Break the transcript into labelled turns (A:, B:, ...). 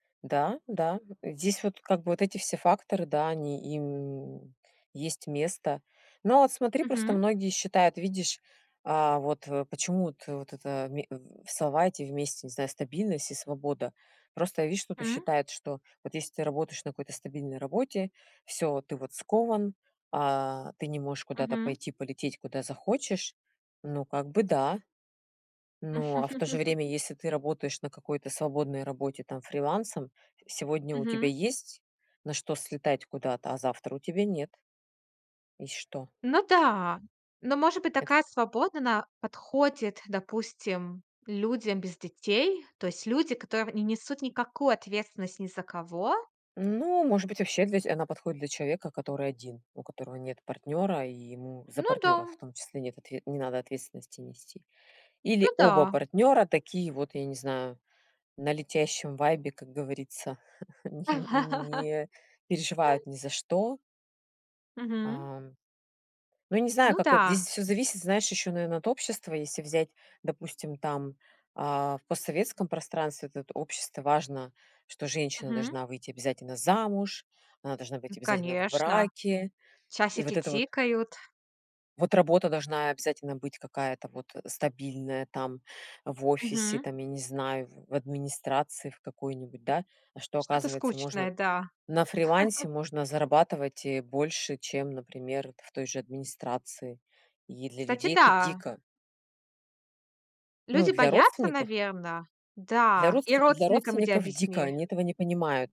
A: Да, да. Здесь вот как бы вот эти все факторы, да, они им есть место. Ну, а вот смотри, просто
B: Мгм.
A: многие считают, видишь, а вот, э, почему вот вот это в ме в, э, салате вместе, не знаю, стабильность и свобода. Просто я вижу, кто-то что
B: М.
A: считает, что вот если ты работаешь на какой-то стабильной работе, всё, ты вот скован, а, ты не можешь куда-то
B: Мгм.
A: пойти, полететь куда захочешь, ну, как бы да. Но, а в то же время, если ты работаешь на какой-то свободной работе, там, фрилансом, сегодня у тебя
B: Мгм.
A: есть на что слетать куда-то, а завтра у тебя нет. И что?
B: Ну да. Но может быть,
A: Это
B: такая свобода, она подходит, допустим, людям без детей. То есть люди, которые не несут никакую ответственность ни за кого.
A: Ну, может быть вообще для здесь она подходит для человека, который 1. У которого нет партнёра, и ему за
B: Ну
A: партнёра, в
B: да.
A: том числе нет отв не надо ответственности нести. Или
B: Ну
A: оба
B: да.
A: партнёра такие вот, я не знаю, на летящем вайбе, как говорится, не не переживают ни за что.
B: Мгм.
A: Ам. Ну, не знаю,
B: Ну
A: как это
B: да.
A: Здесь всё зависит, знаешь, ещё, наверное, от общества. Если взять, допустим, там, а, в постсоветском пространстве этот общество важно, что женщина
B: Мгм.
A: должна выйти обязательно замуж, она должна быть
B: Ну,
A: обязательно в
B: конечно.
A: браке. И
B: Часики
A: вот это вот
B: тикают.
A: вот работа должна обязательно быть какая-то вот, э, стабильная, там, в офисе,
B: Мгм.
A: там, я не знаю, в администрации в какой-нибудь, да. А что
B: Что-то
A: оказывается
B: скучное,
A: можно
B: да.
A: на фрилансе можно зарабатывать, э, больше, чем, например, в той же администрации. И для
B: Кстати,
A: людей это
B: да.
A: дико. Ну,
B: Люди
A: для
B: боятся,
A: родственников
B: наверно.
A: для
B: Да, и
A: родств для
B: родственникам иди
A: родственников- дико.
B: объясни.
A: Они этого не понимают.